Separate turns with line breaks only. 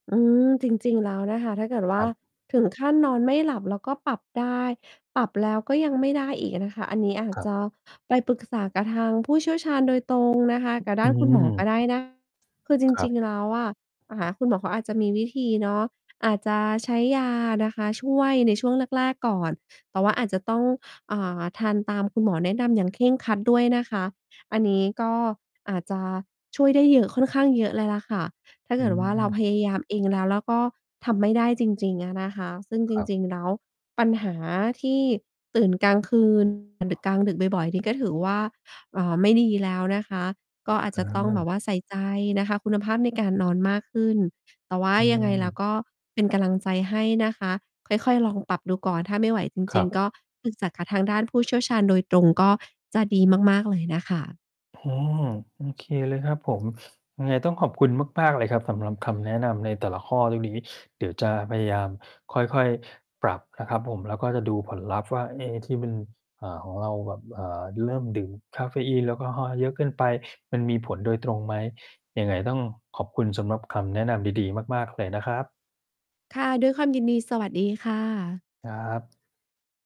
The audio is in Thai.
อืม จริง ๆ แล้วนะคะ ถ้าเกิดว
ค
่
ร
า
ับ
ถึงขั้นนอนไม่หลับแล้วก็ปรับได้ ปรับแล้วก็ยังไม่ได้อีกนะคะ อันนี้อาจ
ครั
จ
บ
ะไปปรึกษากับทางผู้เชี่ยวชาญโดยตรงนะคะ กับ
อ
ด้
ื
านคุณหมอก
ม
็ได้ นะ คือจ
ครั
ริ
บ
ง ๆ แล้วอะ อ่า หาคุณหมอเขาอาจจะมีวิธีเนาะ อาจจะใช้ยานะคะ ช่วยในช่วงแรก ๆ ก่อน แต่ว่าอาจจะต้อง อ่า ทานตามคุณหมอแนะนำอย่างเคร่งครัดด้วยนะคะ อันนี้ก็อาจจะช่วยได้เยอะ ค่อนข้างเยอะเลยแหละค่ะ ถ้า
อ
เกิดว่าเรา
ืม
พยายามเองแล้ว แล้วก็ทำไม่ได้จริง ๆ อะนะคะ ซึ่ง
ค
จ
รับ
ริง ๆ แล้ว ปัญหาที่ตื่นกลาง คืน อะ ดึก กลางดึกบ่อย ๆ นี่ก็ถือว่า เอ่อ ไม่ดีแล้วนะคะ ก็อาจ
อ
จะต้องแบ
า
บว่าใส่ใจนะคะคุณภาพในการนอนมากขึ้น แต่ว่า
อื
ยังไงแล้ว
ม
ก็เป็นกำลังใจให้นะคะ ค่อย ๆ ลองปรับดูก่อน ถ้าไม่ไหวจ
คร
ริ
ั
ง
บ
ๆ ก็ปรึกษากับทางด้านผู้เชี่ยวชาญโดยตรงก็จะดีมาก ๆ เลยน่ะค่ะ
โอ้โฮ โอเค เลยครับผม ยังไงต้องขอบคุณมาก ๆ เลยครับ สำหรับคำแนะนำในแต่ละข้อตรงนี้ เดี๋ยวจะพยายามค่อย ๆ ปรับนะครับผม แล้วก็จะดูผลลัพธ์ว่า เอ๊ ที่มัน เอ่อ ของเราแบบ เอ่อ เริ่มดื่มกาเฟอีน แอลกอฮอล์เยอะเกินไป มันมีผลโดยตรงไหม ยังไงต้องขอบคุณสำหรับคำแนะนำดี ๆ มาก ๆ เลยนะครับ
ค่ะ ด้วยความยินดี สวัสดีค่ะ
ครับ